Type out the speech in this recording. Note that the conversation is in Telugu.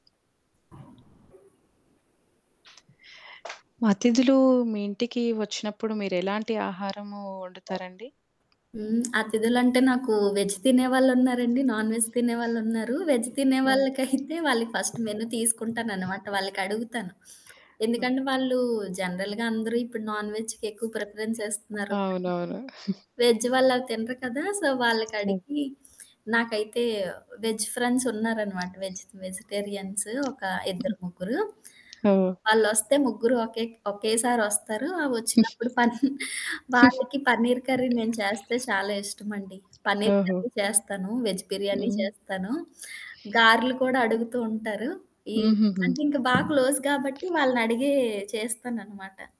అతిథులు మీ ఇంటికి వచ్చినప్పుడు మీరెలాంటి ఆహారము వండుతారండి? హ్మ్. అతిథులంటే నాకు వెజ్ తినేవాళ్ళున్నారండి, నాన్ వెజ్ తినేవాళ్ళున్నారు. వెజ్ తినే హ్మ్. వాళ్ళకైతే వాళ్ళకి ఫస్ట్ మెను తీసుకుంటాననమాట. వాళ్ళకడుగుతాను. ఎందుకంటే ఓకే. వాళ్ళు జనరల్‌గా అందరూ ఇప్పుడు నాన్ వెజ్‌కెక్కువ ప్రిఫరెన్స్ ఇస్తున్నారు. అవునవును. వెజ్ వాళ్ళవి తినరు కదా! సో, ఓహ్! వాళ్ళకడిగి, నాకైతే వెజ్ ఫ్రెండ్సున్నారనమాట. వెజ్ వెజిటేరియన్స్ ఒక ఇద్దరు ముగ్గురు. హ్మ్. ఓహ్! వాళ్ళొస్తే ముగ్గురు ఒకేక్ ఒకేసారొస్తారు. ఆ వచ్చినప్పుడు పన్ వాళ్ళకి పన్నీరు కర్రీ నేను చేస్తే చాలా ఇష్టమండి. పన్నీరు ఓహో! కర్రీ చేస్తాను, వెజ్ బిర్యానీ హ్మ్. చేస్తాను. గారెలు కూడా అడుగుతూ ఉంటారు. ఈ హుహుహు. అంటే ఇంక బాగా క్లోజ్ కాబట్టి వాళ్ళనడిగే చేస్తాననమాట.